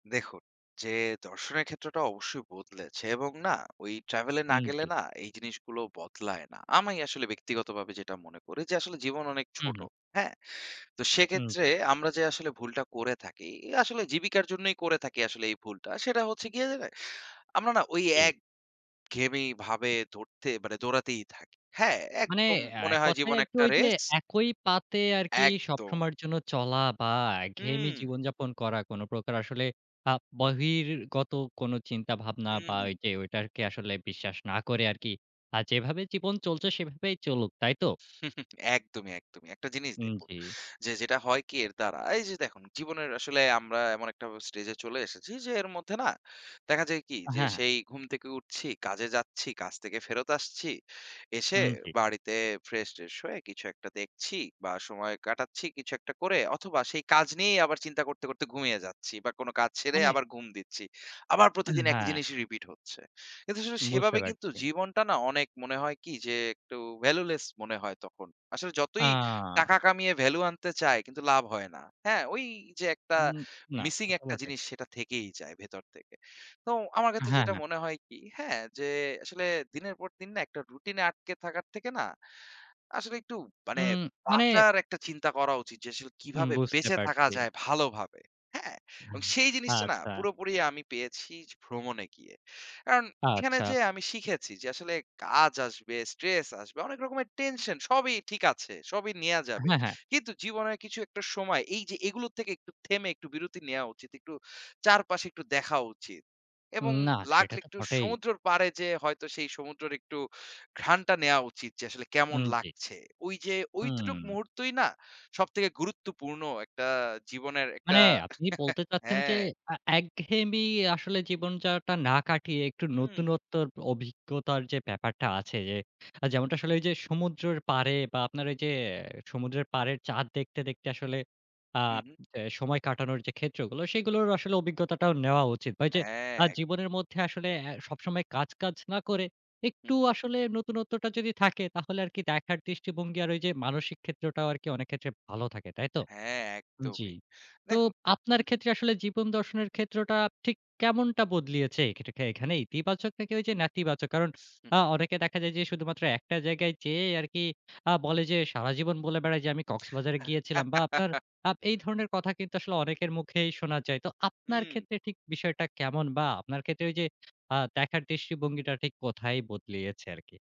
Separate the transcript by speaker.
Speaker 1: দেখুন, যে দর্শনের ক্ষেত্রটা অবশ্যই বদলেছে এবং না ওই travel এ না
Speaker 2: উম
Speaker 1: গেলে
Speaker 2: জ্বী।
Speaker 1: না এই জিনিসগুলো বদলায় না। আমি আসলে ব্যক্তিগতভাবে যেটা মনে করি যে আসলে জীবন অনেক
Speaker 2: হু,
Speaker 1: ছোট।
Speaker 2: হু।
Speaker 1: হ্যাঁ? তো
Speaker 2: উম
Speaker 1: সেক্ষেত্রে
Speaker 2: জ্বী।
Speaker 1: আমরা যে আসলে ভুলটা করে থাকি, এ আসলে জীবিকার জন্যই করে থাকি আসলে এই ভুলটা। সেটা হচ্ছে গিয়ে, আমরা না ওই
Speaker 2: জি।
Speaker 1: এক ঘেয়েমি ভাবে ধরতে মানে দৌড়াতেই থাকি। হ্যাঁ?
Speaker 2: মানে
Speaker 1: একদম
Speaker 2: অ্যা
Speaker 1: মনে হয়
Speaker 2: কথায়
Speaker 1: জীবন
Speaker 2: আরকি
Speaker 1: একটা
Speaker 2: ওই যে
Speaker 1: রেস।
Speaker 2: একই পাতে আরকি
Speaker 1: একদম।
Speaker 2: সবসময়ের জন্য চলা বা একঘেয়েমি
Speaker 1: উম
Speaker 2: জীবনযাপন করা। কোন প্রকার আসলে আ বহির্গত কোন চিন্তাভাবনা বা
Speaker 1: উহু।
Speaker 2: ওই যে ওই আরকি আসলে বিশ্বাস না করে আরকি, আ যেভাবে জীবন চলছে সেভাবেই চলুক। তাই তো?
Speaker 1: একদমই, একদমই। একটা জিনিস
Speaker 2: উম
Speaker 1: দেখুন।
Speaker 2: জ্বী।
Speaker 1: যে যেটা হয় কি এর দ্বারা, এই যে দেখুন জীবনের আসলে আমরা এমন একটা ব্যা স্টেজে চলে এসেছি। যে এর মধ্যে না, দেখা যায় কি
Speaker 2: হ্যাঁ,
Speaker 1: যে
Speaker 2: হ্যাঁ।
Speaker 1: সেই ঘুম থেকে উঠছি, কাজে যাচ্ছি, কাজ থেকে ফেরত আসছি। এসে
Speaker 2: উম জ্বী।
Speaker 1: বাড়িতে ফ্রেশ-ট্রেশ হয়ে কিছু একটা দেখছি বা সময় কাটাচ্ছি কিছু একটা করে। অথবা সেই কাজ নিয়েই আবার চিন্তা করতে, করতে ঘুমিয়ে যাচ্ছি বা কোন কাজ ছেড়ে
Speaker 2: মানে?
Speaker 1: আবার ঘুম দিচ্ছি। আবার
Speaker 2: আ
Speaker 1: প্রতিদিন একই
Speaker 2: হ্যাঁ।
Speaker 1: জিনিসই repeat হচ্ছে। কিন্তু শুধু
Speaker 2: বুঝতে
Speaker 1: সেভাবে কিন্তু
Speaker 2: পারছি।
Speaker 1: জীবনটা না অনেক মনে হয় কি যে একটু valueless মনে হয় তখন। আসলে যতই
Speaker 2: আ
Speaker 1: টাকা কামিয়ে value আনতে চায় কিন্তু লাভ হয় না। হ্যাঁ? ওই যে একটা
Speaker 2: উম না।
Speaker 1: মিসিং
Speaker 2: তাতো
Speaker 1: একটা
Speaker 2: বটে।
Speaker 1: জিনিস সেটা থেকেই যায় ভেতর থেকে। তো আমার
Speaker 2: অ্যা
Speaker 1: ক্ষেত্রে যেটা
Speaker 2: হ্যাঁ।
Speaker 1: মনে হয় কি হ্যাঁ, যে আসলে দিনের পর দিন না একটা রুটিন এ আটকে থাকার থেকে না, আসলে একটু মানে
Speaker 2: উম মানে
Speaker 1: বাঁচার একটা চিন্তা করা উচিত। যে আসলে
Speaker 2: উম
Speaker 1: কিভাবে
Speaker 2: বুঝতে
Speaker 1: বেঁচে থাকা
Speaker 2: পারছি।
Speaker 1: যায় ভালোভাবে। হ্যাঁ?
Speaker 2: উহ
Speaker 1: এবং সেই জিনিসটা না
Speaker 2: আচ্ছা।
Speaker 1: পুরোপুরি আমি পেয়েছি ভ্রমণে গিয়ে। কারণ, এখানে
Speaker 2: আচ্ছা।
Speaker 1: যেয়ে আমি শিখেছি যে আসলে কাজ আসবে, stress আসবে অনেক রকমের টেনশন সবই ঠিক আছে। সবই নেয়া যাবে।
Speaker 2: হ্যাঁ, হ্যাঁ।
Speaker 1: কিন্তু জীবনের কিছু একটা সময় এই যে, এগুলোর থেকে একটু থেমে একটু বিরতি নেয়া উচিত। একটু চারপাশে একটু দেখা উচিত। এবং
Speaker 2: না, সেটা
Speaker 1: লাগলে
Speaker 2: তো
Speaker 1: একটু
Speaker 2: বটেই।
Speaker 1: সমুদ্রের পাড়ে যেয়ে হয়তো সেই সমুদ্রের একটু ঘ্রানটা নেয়া উচিত যে আসলে কেমন
Speaker 2: উম জি।
Speaker 1: লাগছে। ঐযে ঐটুকুই
Speaker 2: উম
Speaker 1: মুহূর্তই না সবথেকে গুরুত্বপূর্ণ একটা জীবনের একটা
Speaker 2: মানে, আপনি বলতে চাচ্ছেন, যে
Speaker 1: হ্যাঁ।
Speaker 2: অ্যা একঘেয়েমি আসলে জীবনযাপনটা না কাটিয়ে, একটু
Speaker 1: উম
Speaker 2: নতুনত্বর অভিজ্ঞতার যে ব্যাপারটা আছে যে, যেমনটা আসলে ওই যে সমুদ্রের পাড়ে বা আপনার ওই যে সমুদ্রের পাড়ের চাঁদ দেখতে, দেখতে আসলে আ
Speaker 1: উহু।
Speaker 2: অ্যা সময় কাটানোর যে ক্ষেত্রগুলো। সেগুলোর আসলে অভিজ্ঞতাটাও নেওয়া উচিত। ঐযে আ
Speaker 1: হ্যাঁ।
Speaker 2: জীবনের মধ্যে আসলে অ্যা সবসময় কাজ, কাজ না করে,
Speaker 1: হু,
Speaker 2: একটু
Speaker 1: হু।
Speaker 2: আসলে নতুনত্বটা যদি থাকে তাহলে আরকি দেখার দৃষ্টিভঙ্গি আর ওই যে মানসিক ক্ষেত্রটাও আরকি অনেক ক্ষেত্রে ভালো থাকে। তাই তো?
Speaker 1: হ্যাঁ,
Speaker 2: জ্বী।
Speaker 1: একদমই।
Speaker 2: তো
Speaker 1: দেখুন হু,
Speaker 2: আপনার
Speaker 1: হু।
Speaker 2: ক্ষেত্রে আসলে জীবন দর্শনের ক্ষেত্রটা ঠিক কেমনটা বদলিয়েছে? এই ক্ষেত্রটা এখানে ইতিবাচক নাকি ঐযে নেতিবাচক? কারণ, আ অনেকে দেখা যায় যে শুধুমাত্র একটা জায়গায় যেয়ে আরকি আ বলে যে, সারাজীবন বলে বেড়ায় যে আমি কক্সবাজারে গিয়েছিলাম। বা আপনার আপ এই ধরনের কথা কিন্তু আসলে অনেকের মুখেই শোনা যায়। তো আপনার
Speaker 1: উম
Speaker 2: ক্ষেত্রে ঠিক বিষয়টা কেমন বা আপনার ক্ষেত্রে ওই যে আ দেখার দৃষ্টিভঙ্গিটা ঠিক কোথায় বদলিয়েছে আরকি?